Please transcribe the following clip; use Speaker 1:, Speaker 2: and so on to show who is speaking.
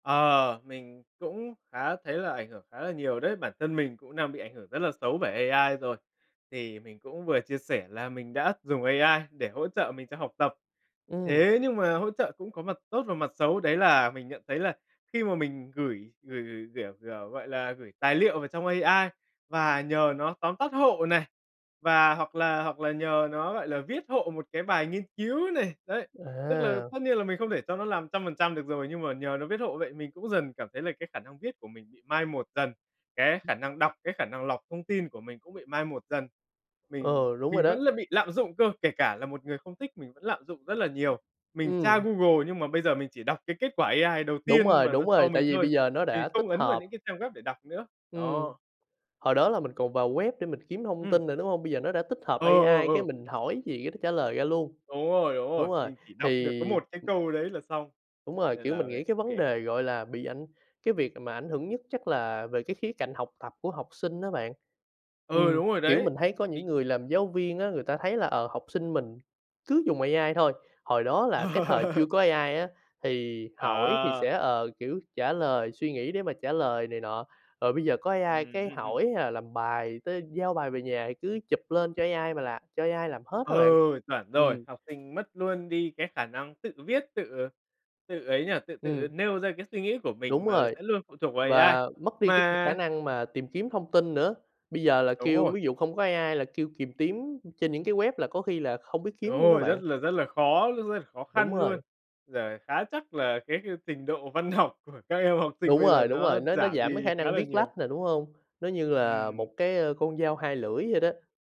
Speaker 1: Ờ, mình cũng khá thấy là ảnh hưởng khá là nhiều đấy, bản thân mình cũng đang bị ảnh hưởng rất là xấu bởi AI rồi. Thì mình cũng vừa chia sẻ là mình đã dùng AI để hỗ trợ mình trong học tập.
Speaker 2: Ừm.
Speaker 1: Thế nhưng mà hỗ trợ cũng có mặt tốt và mặt xấu, đấy là mình nhận thấy là khi mà mình gửi gửi gửi, kiểu kiểu, gọi là, gửi tài liệu vào trong AI và nhờ nó tóm tắt hộ này, và hoặc là hoặc là nhờ nó, gọi là, viết hộ một cái bài nghiên cứu này, đấy, tức là
Speaker 2: À!
Speaker 1: tất nhiên là mình không thể cho nó làm trăm phần trăm được rồi, nhưng mà nhờ nó viết hộ vậy mình cũng dần cảm thấy là cái khả năng viết của mình bị mai một dần, cái khả năng đọc, cái khả năng lọc thông tin của mình cũng bị mai một dần. Mình
Speaker 2: Ừ, đúng rồi
Speaker 1: mình
Speaker 2: đó.
Speaker 1: vẫn là bị lạm dụng cơ, kể cả là một người không thích, mình vẫn lạm dụng rất là nhiều. Mình tra
Speaker 2: Ừm.
Speaker 1: Google nhưng mà bây giờ mình chỉ đọc cái kết quả AI đầu
Speaker 2: Đúng
Speaker 1: tiên
Speaker 2: rồi,
Speaker 1: mà nó
Speaker 2: đúng
Speaker 1: cho
Speaker 2: rồi, tại
Speaker 1: mình
Speaker 2: vì
Speaker 1: thôi.
Speaker 2: bây giờ nó
Speaker 1: Mình
Speaker 2: đã tích
Speaker 1: không ấn vào
Speaker 2: hợp.
Speaker 1: những cái trang web để đọc nữa.
Speaker 2: Ừm.
Speaker 1: Đó.
Speaker 2: Hồi đó là mình còn vào web để mình kiếm thông
Speaker 1: Ừm.
Speaker 2: tin nữa, đúng hông? Bây giờ nó đã tích hợp
Speaker 1: Ờ, ờ,
Speaker 2: AI, cái
Speaker 1: ờ.
Speaker 2: mình hỏi gì cái nó trả lời ra luôn.
Speaker 1: Đúng rồi, đúng rồi,
Speaker 2: Đúng rồi,
Speaker 1: mình chỉ
Speaker 2: thì
Speaker 1: đọc được có một cái câu đấy là xong,
Speaker 2: Đúng rồi,
Speaker 1: nên
Speaker 2: kiểu,
Speaker 1: là
Speaker 2: mình nghĩ cái vấn
Speaker 1: mình
Speaker 2: đề
Speaker 1: [unintelligible]
Speaker 2: gọi là bị ảnh cái việc mà ảnh hưởng nhất chắc là về cái khía cạnh học tập của học sinh á bạn.
Speaker 1: Ừ,
Speaker 2: Ừm,
Speaker 1: đúng rồi
Speaker 2: kiểu,
Speaker 1: đấy.
Speaker 2: mình thấy có những
Speaker 1: Bị
Speaker 2: người làm giáo viên á, người ta thấy là, ờ, học sinh mình cứ dùng AI thôi. Hồi đó là cái thời chưa có AI á thì hỏi thì sẽ,
Speaker 1: À!
Speaker 2: ờ, kiểu, trả lời, suy nghĩ để mà trả lời này nọ, rồi bây giờ có
Speaker 1: Ừm,
Speaker 2: AI cái
Speaker 1: ừm, ừm.
Speaker 2: hỏi hay là làm bài tới giao bài về nhà thì cứ chụp lên cho AI mà làm cho AI làm hết á bạn.
Speaker 1: Ừ, chuẩn rồi.
Speaker 2: Ừm.
Speaker 1: Học sinh mất luôn đi cái khả năng tự viết, tự tự ấy nhỉ, tự tự
Speaker 2: Ừm.
Speaker 1: nêu ra cái suy nghĩ của mình
Speaker 2: Đúng
Speaker 1: mà
Speaker 2: rồi,
Speaker 1: sẽ luôn phụ thuộc vào AI.
Speaker 2: và mất đi cái c khả
Speaker 1: Mà
Speaker 2: năng mà tìm kiếm thông tin nữa. Bây giờ là
Speaker 1: Đúng
Speaker 2: kêu
Speaker 1: rồi.
Speaker 2: ví dụ không có AI là kêu kìm kiếm trên những cái web là có khi là không biết
Speaker 1: Đúng
Speaker 2: kiếm luôn đó
Speaker 1: rồi, rất
Speaker 2: bạn.
Speaker 1: là rất là khó luôn, khó
Speaker 2: Đúng
Speaker 1: khăn luôn.
Speaker 2: rồi.
Speaker 1: Giờ khá chắc là cái trình độ văn học của các em học sinh
Speaker 2: Đúng
Speaker 1: bây giờ
Speaker 2: rồi, đúng
Speaker 1: nó
Speaker 2: rồi, nó nó
Speaker 1: giảm
Speaker 2: giảm cái
Speaker 1: đi
Speaker 2: khả
Speaker 1: khá
Speaker 2: năng
Speaker 1: là
Speaker 2: viết
Speaker 1: nhiều.
Speaker 2: lách nè, đúng hông? Nó như là
Speaker 1: Ừm.
Speaker 2: một cái, a, con dao hai lưỡi vậy đó.